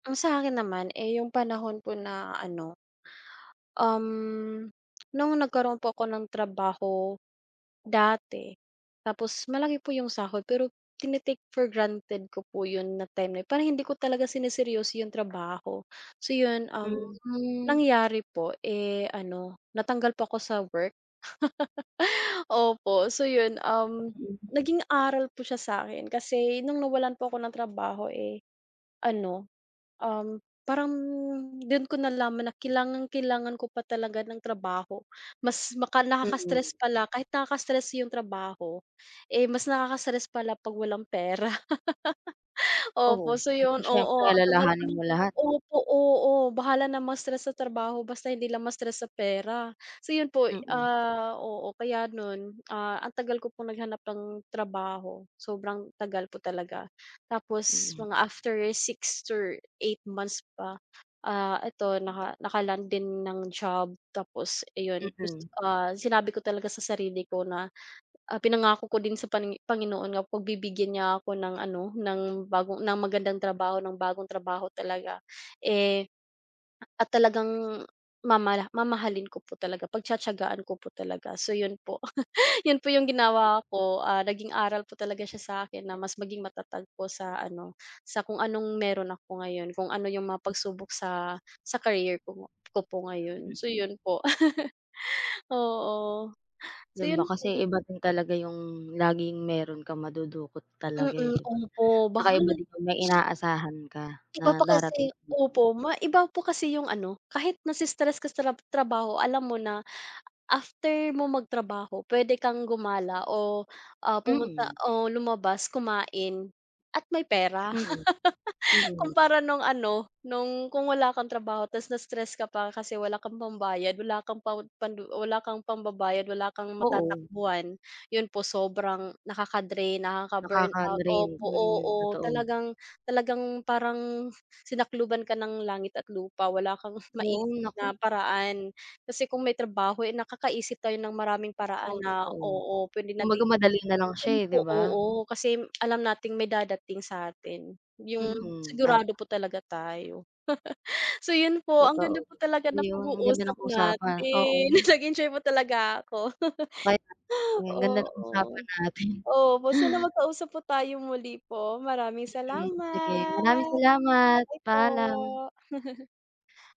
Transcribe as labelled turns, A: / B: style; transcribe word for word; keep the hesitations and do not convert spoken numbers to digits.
A: Ang sa'kin naman, eh, yung panahon po na ano um, nung nagkaroon po ako ng trabaho, dati, tapos malaki po yung sahod pero tine-take for granted ko po 'yun na time na 'yun, parang hindi ko talaga siniseryoso yung trabaho. So 'yun, um,
B: Hmm.
A: nangyari po, eh, ano natanggal po ko sa work. Opo so 'yun ,um,
B: Mm.
A: naging aral po siya sa'kin kasi nung nawalan po ako ng trabaho, eh, ano, um, parang do'n ko nalaman na kailangan-kailangan ko pa talaga ng trabaho mas maka
B: Mm.
A: nakaka-stress pala kahit nakaka-stress yung trabaho, eh, mas nakaka-stress pala pag walang pera. Opo,
B: Oh,
A: so
B: eh, 'di
A: yun, oo,
B: siyempre
A: ang tagal ko
B: alalahanin
A: ng
B: mo lahat?
A: opo, oo bahala na ma-stress sa trabaho basta hindi lang ma-stress sa pera, so yun po,
B: Mm.
A: ah, oo kaya no'n, ah, ang tagal ko pong naghanap ng trabaho, sobrang tagal po talaga. Tapos
B: Mm.
A: mga after six or eight months pa, ah, eto naka nakaland din ng job tapos iyon, gus
B: Mm.
A: ah, sinabi ko talaga sa sarili ko na, ah, pinangako ko din sa pani panginoon nga 'pag bibigyan niya ako ng ano ng bagong ng magandang trabaho, ng bagong trabaho talaga, eh At talagang mamala mamahalin ko po talaga pagtiyatiyagaan ko po talaga so 'yun po, 'yun po yung ginawa ko, ah, naging aral po talaga siya sa akin na mas maging matatag po sa ano, sa kung anong mayro'n ako ngayon kung ano yung mga pagsubok sa, sa career ko ngo ko po ngayon, so
B: Mhm.
A: 'yun po. Oo, so
B: 'Di ba
A: 'yun
B: kasi
A: po.
B: iba din talaga yung laging mayro'n kang madudukot talaga, eh,
A: Mm,
B: 'di ba?
A: opo
B: 'Tsaka
A: bahala
B: iba
A: na
B: din 'pag may inaasahan ka na
A: Iba pa
B: darating.
A: kasi
B: Mm.
A: opo, ma iba po kasi yung ano, kahit nasi-stress ka sa trab trabaho alam mo na after mo magtrabaho puwede kang gumala o ah, pumunta
B: Mm.
A: o lumabas kumain at may pera.
B: Mm. Mm.
A: Kumpara nung ano nung kung wala kang trabaho tapos na-stress ka pa kasi wala kang pambayad, wala kang pan panlu wala kang pambabayad wala kang
B: Oo.
A: matatakbuhan, 'yun po sobrang nakaka-drain,
B: Nakakaano
A: nakaka-burnout
B: rin,
A: opo,
B: mm,
A: oo,
B: totoo.
A: talagang talagang parang sinakluban ka ng langit at lupa wala kang
B: Oo,
A: maisip na
B: naku.
A: paraan. Kasi kung may trabaho, eh, nakakaisip tayo ng maraming
B: Oo
A: paraan na
B: totoo.
A: oo, puwede
B: Kumbaga
A: nating
B: madali na lang siya, eh,
A: [unintelligible]
B: 'di ba?
A: oo, kasi alam nating may dadating sa'tin, yung
B: Mm, tama.
A: sigurado po talaga tayo. So 'yun po ang
B: Totoo.
A: ganda po talaga ng
B: Ayun, ang ganda
A: pag-uusap
B: ng usapan, oo.
A: natin nag-enjoy po talaga ako.
B: Kaya nga, ang ganda ng usapin
A: Oo,
B: natin.
A: oh, basta sana magkausap po tayo muli po maraming
B: Mm, sige maraming
A: salamat.
B: salamat,
A: Ba-bye po.
B: paalam.